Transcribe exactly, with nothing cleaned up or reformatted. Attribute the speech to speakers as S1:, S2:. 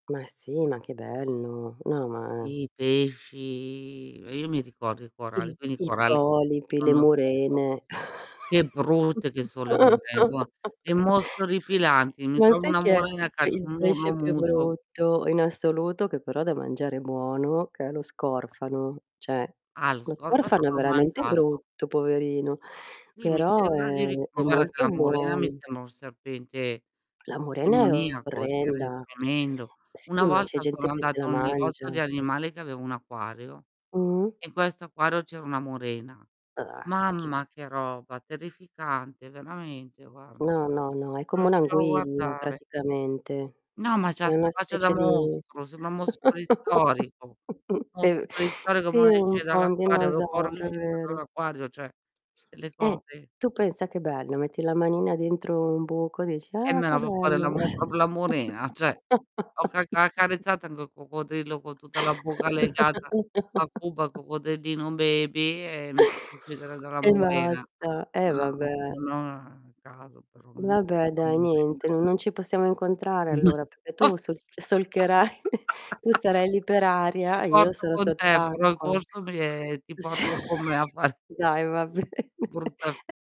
S1: Ma sì, ma che bello. No, ma
S2: I pesci Uhm, io mi ricordo i coralli,
S1: Il
S2: quindi i
S1: il
S2: coralli
S1: polipi, le
S2: sono [unintelligible]
S1: murene.
S2: Che brutte che so le mure, eh, nsoma, che mostri orripilanti. Mi
S1: Ma
S2: trovo
S1: sai
S2: una
S1: che è
S2: murena,
S1: il pe
S2: caccio
S1: il
S2: un urlo
S1: pesce più
S2: muto.
S1: brutto in assoluto, che però da mangiare è buono, che è lo scorfano? ceh,
S2: Ah, lo
S1: lo
S2: scorfano
S1: scorfano è
S2: l'ho
S1: veramente
S2: mangiato.
S1: brutto, poverino,
S2: Sì, mi
S1: però
S2: sembra di
S1: è
S2: ric
S1: è
S2: ma guarda che la
S1: molto
S2: murena mi
S1: buon
S2: sembra un serpente
S1: La murena è
S2: demoniaco, tre
S1: orrenda.
S2: tremendo.
S1: Sì,
S2: Una
S1: ma c'è
S2: volta
S1: gente
S2: sono
S1: che se
S2: andata
S1: la
S2: a un negozio di
S1: mangia.
S2: animali che aveva un acquario,
S1: Mh.
S2: in questo acquario c'era una murena.
S1: Ah, che schifo.
S2: Mamma che roba, terrificante, veramente guarda, non
S1: No, no, no, è come
S2: riuscivo a
S1: un'anguilla,
S2: guardare.
S1: praticamente.
S2: No, ma c'ha
S1: È una
S2: 'sta faccia da
S1: specie di
S2: mostro, semba un mostro preistorico.
S1: è
S2: Mostro
S1: v
S2: preistorico,
S1: sì,
S2: mo ne
S1: un
S2: esce
S1: po' un
S2: dall'acquario, avevo paura che
S1: dinosauro, è
S2: uscisse
S1: vero.
S2: dall'acquario, ceh, delle
S1: Eh,
S2: cose
S1: tu pensa che bello, metti la manina dentro un buco, dici:
S2: Eh
S1: "Ah,
S2: me
S1: che
S2: la fa fare la
S1: bello."
S2: mu propio la murena, ceh. Ho ca ha accarezzato anche il coccodrillo con tutta la bocca legata a Cuba, coccodrillino baby, e mi faccio uccidere dalla
S1: E
S2: murena.
S1: basta, eh
S2: No, [unintelligible]
S1: vabbè.
S2: no a caso però [unintelligible]
S1: Vabbè
S2: la
S1: dai,
S2: murena.
S1: niente, non ci possiamo incontrare allora, pecché tu solc solcherai tu sarai lì per
S2: Ti
S1: aria, e io
S2: porto
S1: sarò
S2: con te, farò il
S1: sott'acqua.
S2: corso mi e ti
S1: S
S2: porto con me a far
S1: dai, va bene.
S2: Brutta f
S1: E